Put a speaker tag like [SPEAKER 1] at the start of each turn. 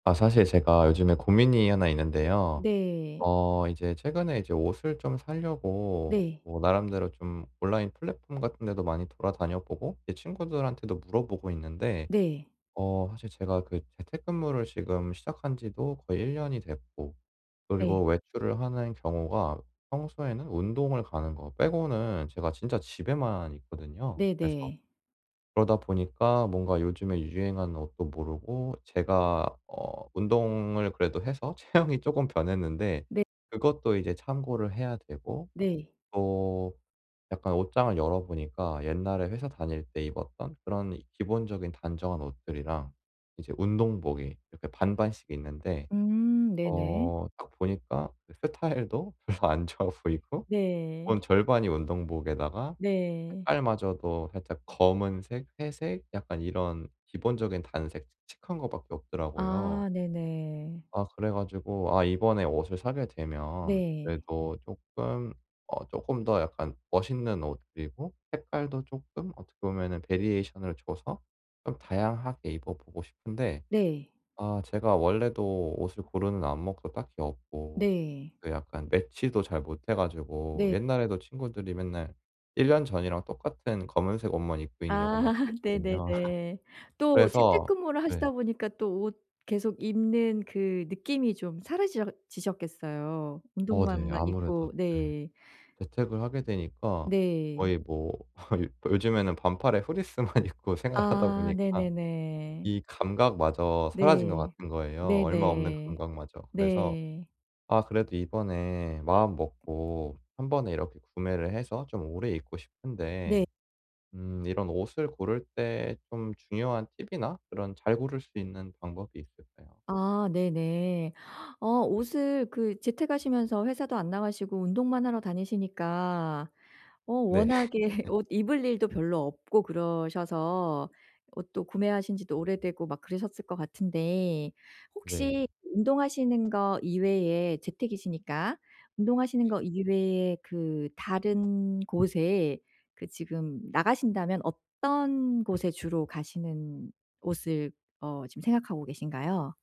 [SPEAKER 1] 아 사실 제가 요즘에 고민이 하나 있는데요.
[SPEAKER 2] 네.
[SPEAKER 1] 어 이제 최근에 이제 옷을 좀 사려고
[SPEAKER 2] 네.
[SPEAKER 1] 뭐 나름대로 좀 온라인 플랫폼 같은데도 많이 돌아다녀 보고 제 친구들한테도 물어보고 있는데
[SPEAKER 2] 네.
[SPEAKER 1] 어 사실 제가 그 재택근무를 지금 시작한지도 거의 1 됐고, 그리고
[SPEAKER 2] 네.
[SPEAKER 1] 외출을 하는 경우가 평소에는 운동을 가는 거 빼고는 제가 진짜 집에만 있거든요. 그래서
[SPEAKER 2] 네네.
[SPEAKER 1] 그러다 보니까 뭔가 요즘에 유행하는 옷도 모르고 제가 어 운동을 그래도 해서 체형이 쪼금 변했는데
[SPEAKER 2] 네.
[SPEAKER 1] 그것도 이제 참고를 해야 되고
[SPEAKER 2] 네.
[SPEAKER 1] 또 약간 옷장을 열어보니까 옛날에 회사 다닐 때 입었던 그런 기본적인 단정한 옷들이랑 이제 운동복이 이렇게 반반씩 있는데
[SPEAKER 2] 음
[SPEAKER 1] 어
[SPEAKER 2] 네네.
[SPEAKER 1] 딱 보니까 스타일도 별로 안 좋아 보이고
[SPEAKER 2] 네.
[SPEAKER 1] 온 절반이 운동복에다가
[SPEAKER 2] 네.
[SPEAKER 1] 색깔마저도 살짝 검은색, 회색, 약간 이런 기본적인 단색, 칙칙한 것 밖에 없더라고요.
[SPEAKER 2] 아 네네.
[SPEAKER 1] 아 그래 가지고 아 이번에 옷을 사게 되면
[SPEAKER 2] 네.
[SPEAKER 1] 그래도 쪼끔 어 쪼끔 더 약간 멋있는 옷 그리고 색깔도 쪼끔 어떻게 보면은 베리에이션을 줘서 좀 다양하게 입어 보고 싶은데
[SPEAKER 2] 네.
[SPEAKER 1] 아 제가 원래도 옷을 고르는 안목도 딱히 없고
[SPEAKER 2] 네.
[SPEAKER 1] 약간 매치도 잘 못해 가지고
[SPEAKER 2] 네.
[SPEAKER 1] 옛날에도 친구들이 맨날 1 전이랑 똑같은 검은색 옷만 입고 있냐고
[SPEAKER 2] 아
[SPEAKER 1] 막 그랬거든요.
[SPEAKER 2] 네네네. 또
[SPEAKER 1] 그래서
[SPEAKER 2] 재택근무를
[SPEAKER 1] 네.
[SPEAKER 2] 하시다 보니까 또 옷 계속 입는 그 느낌이 좀 사라지셔 ...지셨겠어요.
[SPEAKER 1] 어 네.
[SPEAKER 2] 운동복만
[SPEAKER 1] 아무래도
[SPEAKER 2] 입고
[SPEAKER 1] 예.
[SPEAKER 2] 네.
[SPEAKER 1] 재택을 하게 되니까
[SPEAKER 2] 네.
[SPEAKER 1] 거의 뭐 요즘에는 반팔에 フリース만 입고 생활하다
[SPEAKER 2] 아
[SPEAKER 1] 보니까
[SPEAKER 2] 네네네.
[SPEAKER 1] 이 감각마저 사라진 것
[SPEAKER 2] 네.
[SPEAKER 1] 같은 거예요, 얼마 없는
[SPEAKER 2] 네네.
[SPEAKER 1] 감각마저. 그래서
[SPEAKER 2] 네.
[SPEAKER 1] 아 그래도 이번에 마음먹고 한번에 이렇게 구매를 해서 좀 오래 입고
[SPEAKER 2] 네.
[SPEAKER 1] 싶은데 음 이런 옷을 고를 때 좀 중요한 팁이나 그런 잘 고를 수 있는 방법이 있을까요?
[SPEAKER 2] 아 네네. 어 옷을 그 재택하시면서 회사도 안 나가시고 운동만 하러 다니시니까 어
[SPEAKER 1] 네.
[SPEAKER 2] 워낙에 옷 입을 일도 별로 없고 그러셔서 옷도 구매하신 지도 오래되고 막 그러셨을 것 같은데
[SPEAKER 1] 네.
[SPEAKER 2] 혹시 운동하시는 거 이외에 재택이시니까 운동하시는 거 이외에 그 다른 곳에 그 지금 나가신다면 어떤 곳에 주로 가시는 옷을 어 지금 생각하고 계신가요?